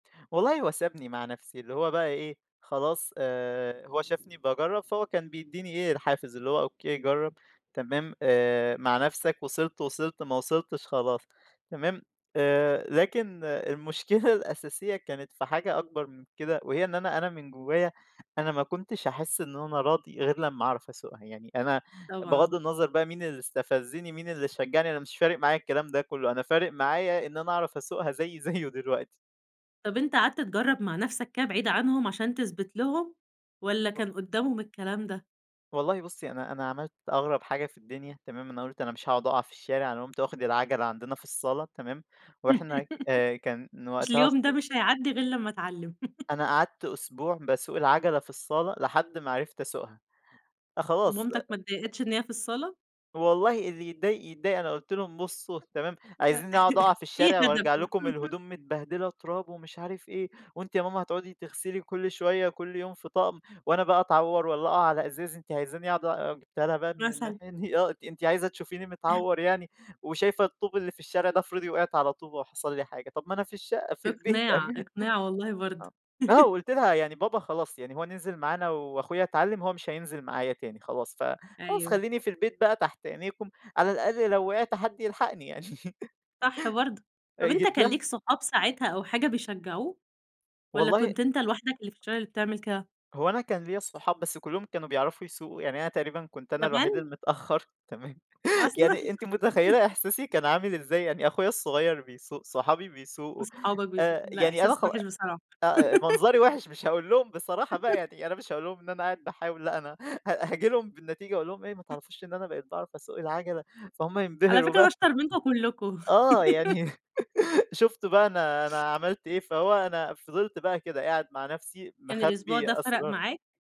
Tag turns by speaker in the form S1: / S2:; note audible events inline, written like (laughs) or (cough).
S1: والله هو سابني مع نَفْسِي، اللي هو بقى إيه، خلاص، آآ، هو شافني باجرب، فهو كان بيدِّيني إيه الحافز اللي هو أوكي جرب، تمام، آآ، مع نفْسَك، وصلت وصلت ما وصلتش خلاص، تمام، آآ، لكن المشكلة الأساسية كانت في حاجة أكبر من كده، وهي إن أنا أنا من جوايا، أنا ما كُنتش هاحس إنه أنا راضي، غير لما أعرف أَسُوقها يعني، أنا
S2: طبعًا.
S1: بغض النظر بقى مين اللي استفزني، مين اللي شجعني، أنا مش فارق معايّا الكلام ده كله، أنا فارق معايا إن أنا أعرف أَسُوقها زيي زيه دلوقتي.
S2: طَب أنت قَعدْت تجرب مع نَفْسَك كده بعيد عنهم، عشان تثْبت لهم، والّا
S1: (unintelligible)
S2: كان قدامهم الكلام ده؟
S1: والله بُصِّي أنا أنا عملت أغرب حاجة في الدنيا تمام، أنا قُلت أنا مش هاقعد أقع في الشارع، أنا قمت واخد العَجَلة عندنا في الصالة تمام، وإحنا، آآ، كان
S2: (giggles) أصل
S1: وقتها الص
S2: اليوم ده مش هيعدِّي غير لمّا أتعلم (laughs)
S1: أنا قَعدْت أسبوع باسوق العَجَلة في الصالة، لحد ما عرفت أَسُوقها، خلاص،
S2: ومامتك ما
S1: آآ
S2: اتضايقتِش إن هي في الصالة؟
S1: والله اللي يتضايق يتضايق، أنا قُلت لهم: "بصوا
S2: (unintelligible)
S1: تمام، عايزينّي أقعد أقع
S2: (giggles)
S1: في
S2: في
S1: الشارع وأرجع
S2: هدف آه
S1: لكم
S2: (chuckles)
S1: الهدوم متبهدلة تراب ومش عارف إيه، وأنتِ يا ماما هتقعدي تغسلي كل شوية، كل يوم في طقم، وأنا بقى أتعور والّا أقع على إزاز، أنتِ عايزاني أقعد آآ،" وجِبتها لها بقى من
S2: مثلًا.
S1: الناحية دي، آه، أنتِ أنتِ عايزة تشوفيني
S2: (chuckles)
S1: متعور يعني، وشايفة الطوب اللي في الشارع ده، افرضي وقعت على طوبة وحصل لي حاجة، طَب ما أنا في الشقة، في البيت
S2: إقناع،
S1: أمان (chuckles)
S2: إقناع والله برضه.
S1: (unintelligible) آه
S2: (chuckles)
S1: وقُلت لها: "يعني بابا خلاص يعني هو نزل معانا وأخويا اتعلم، هو مش هينزل معايا تاني خلاص، ف خلاص
S2: أيوه.
S1: خليني في البيت بقى تحت عينيكم، على الأقل لو وقعت حد يلحقني." يعني
S2: صح برضه.
S1: (laughs) آآ،
S2: طَب أنت
S1: جيت
S2: كان
S1: لها
S2: ليك صحاب ساعتها أو حاجة بيشجعوك، والّا
S1: والله
S2: كنت أنت لوحدك اللي في الشارع اللي بتعمل كده؟
S1: هو أنا كان ليّا صحاب، بس كلهم كانوا بيعرفوا يسُوقُوا، يعني أنا تقريبًا كنت أنا الوحيد
S2: كمان؟!
S1: المتأخر تمام، (chuckles)
S2: أصلًا؟!
S1: يعني أنتِ متخيلة
S2: (laughs)
S1: إحساسي كان عامل إزاي، يعني أخويا الصغير بيسُوق، صحابي بيسُوقُوا،
S2: واصحابك بيس
S1: آآ،
S2: لا
S1: يعني أنا
S2: إحساس
S1: خ
S2: وِحِش بصراحة
S1: آآ، منظري
S2: (giggles)
S1: وِحِش مش هاقول لهم بصراحة بقى
S2: (chuckles)
S1: يعني، أنا مش هاقول لهم إن أنا قاعد باحاول، لا أنا ه هاجي لهم بالنتيجة أقول لهم إيه ما تعرفوش إن أنا بقيت باعرف أَسُوق العَجَلة، فهُم
S2: على
S1: ينبهروا
S2: فكرة أنا
S1: بقى.
S2: أشطر منكم كلكم
S1: آه
S2: (giggles)
S1: يعني (giggles) شُفتُم بقى أنا أنا عملت إيه، فهو أنا فضِلِت بقى كده، قاعد مع نَفْسِي،
S2: كان الأسبوع ده
S1: مخبِّي
S2: فَرَق
S1: أسرار
S2: معاك؟